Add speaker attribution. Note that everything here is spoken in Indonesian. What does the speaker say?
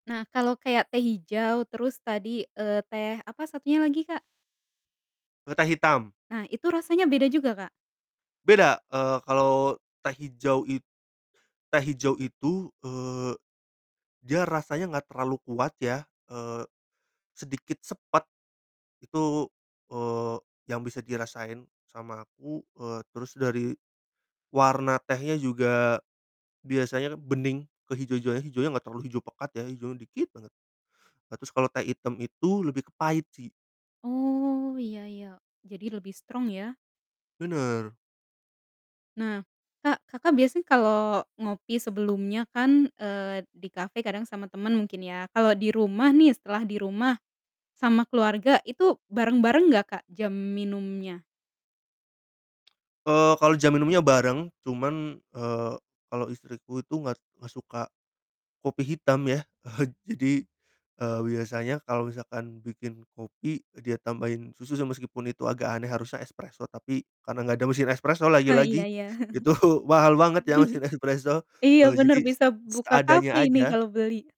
Speaker 1: Nah, kalau kayak teh hijau terus tadi, eee, teh apa satunya lagi, Kak?
Speaker 2: E teh hitam.
Speaker 1: Nah itu rasanya beda juga, Kak?
Speaker 2: Beda, eee, kalau teh hijau it teh hijau itu, eee, dia rasanya gak terlalu kuat ya, eee, sedikit sepet itu, eee, yang bisa dirasain sama aku, eee, terus dari warna tehnya juga biasanya bening ke hijau-hijauan, hijaunya gak terlalu hijau pekat ya, hijaunya dikit banget. Nah, terus kalo teh hitam itu lebih ke pahit sih.
Speaker 1: Oh iya iya jadi lebih strong ya?
Speaker 2: Bener.
Speaker 1: Nah, Kak, Kakak biasanya kalau ngopi sebelumnya kan, eee, di cafe kadang sama teman mungkin ya, kalau di rumah nih, setelah di rumah sama keluarga itu bareng-bareng gak Kak, jam minumnya?
Speaker 2: Eee, kalau jam minumnya bareng, cuman, eee, kalau istriku itu gak t gak suka kopi hitam ya. Jadi, eee, biasanya kalau misalkan bikin kopi dia tambahin susu se meskipun itu agak aneh harusnya espreso, tapi karena gak ada mesin espreso
Speaker 1: He iya
Speaker 2: lagi-lagi
Speaker 1: iya.
Speaker 2: itu mahal banget ya mesin espreso
Speaker 1: Iya,
Speaker 2: jadi
Speaker 1: bener
Speaker 2: s
Speaker 1: bisa buka cafe
Speaker 2: seadanya
Speaker 1: ini
Speaker 2: aja.
Speaker 1: kalo beli.